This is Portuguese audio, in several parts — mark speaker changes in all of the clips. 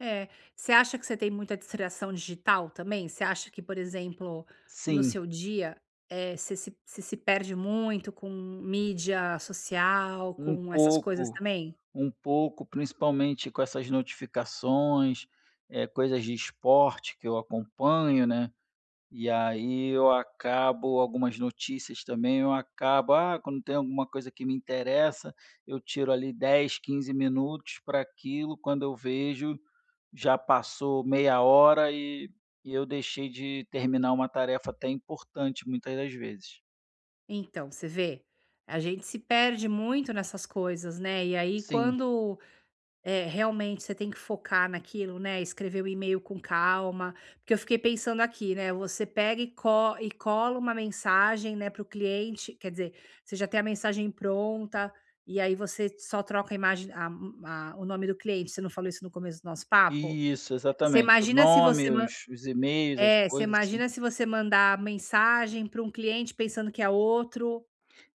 Speaker 1: Eh, você acha que você tem muita distração digital também? Você acha que, por exemplo, no
Speaker 2: Sim.
Speaker 1: seu dia, eh, você se você se perde muito com mídia social,
Speaker 2: Um
Speaker 1: com essas coisas
Speaker 2: pouco.
Speaker 1: também?
Speaker 2: Um pouco, principalmente com essas notificações, eh, coisas de esporte que eu acompanho, né, e aí eu acabo, algumas notícias também, eu acabo: "Ah", quando tem alguma coisa que me interessa, eu tiro ali 10, 15, minutos pra aquilo, quando eu vejo, já passou meia hora e e eu deixei de terminar uma tarefa até importante, muitas das vezes.
Speaker 1: Então, você vê? A gente se perde muito nessas coisas, né, e aí
Speaker 2: Sim.
Speaker 1: quando, eh, realmente, você tem que focar naquilo, né, escrever o email com calma, porque eu fiquei pensando aqui, né, você pega e co e cola uma mensagem, né, pro cliente, quer dizer, você já tem a mensagem pronta, e aí você só troca a imagem a, hum, a o nome do cliente, você não falou isso no começo do nosso papo?
Speaker 2: Isso,
Speaker 1: Você
Speaker 2: exatamente. O
Speaker 1: imagina se
Speaker 2: nome,
Speaker 1: você nã
Speaker 2: os os emails, as
Speaker 1: eh, você
Speaker 2: coisas, assim
Speaker 1: imagina se você mandar mensagem para um cliente, pensando que é outro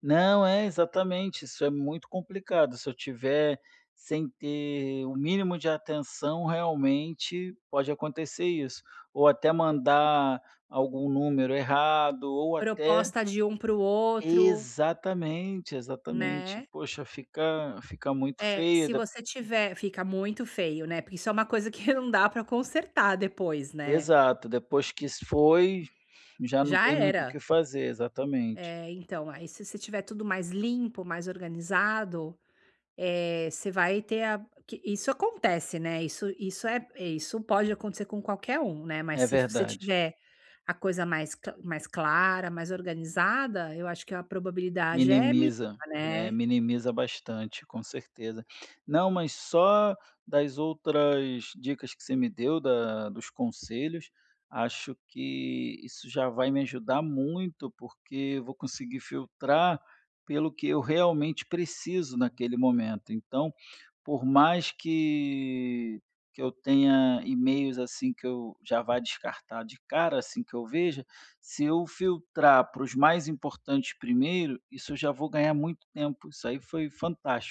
Speaker 2: Não, é, exatamente. Isso é muito complicado, se eu estiver sem ter o mínimo de atenção, realmente, pode acontecer isso, ou até mandar algum número errado ou até
Speaker 1: Proposta de um pro outro
Speaker 2: Exatamente, exatamente.
Speaker 1: Né.
Speaker 2: Poxa, fica fica muito
Speaker 1: É,
Speaker 2: feia
Speaker 1: se
Speaker 2: da
Speaker 1: você tiver fica muito feio, né, porque isso é um coisa que não dá pra consertar depois, né.
Speaker 2: Exato, depois que isso foi, já não
Speaker 1: Já
Speaker 2: tem muito o
Speaker 1: era.
Speaker 2: que fazer, exatamente.
Speaker 1: É, então, aí se você tiver tudo mais limpo, mais organizado, eh, você vai ter a que isso acontece, né, isso isso é isso pode acontecer com qualquer um, né, mas
Speaker 2: É
Speaker 1: se fi se
Speaker 2: verdade.
Speaker 1: tiver a coisa mais cla mais clara, mais organizada, eu acho que a probabilidade é miníma,
Speaker 2: Minimiza. É,
Speaker 1: né.
Speaker 2: minimiza bastante, com certeza. Não, mas só das outras dicas que você me deu, da dos conselhos, acho que isso já vai me ajudar muito, porque eu vou conseguir filtrar pelo que eu realmente preciso, naquele momento, então, por mais que que eu tenha e-mails assim, que eu já vá descartar de cara, assim que eu veja, se eu filtrar pra os mais importantes primeiro, isso eu já vou ganhar muito tempo, isso aí foi fantástico.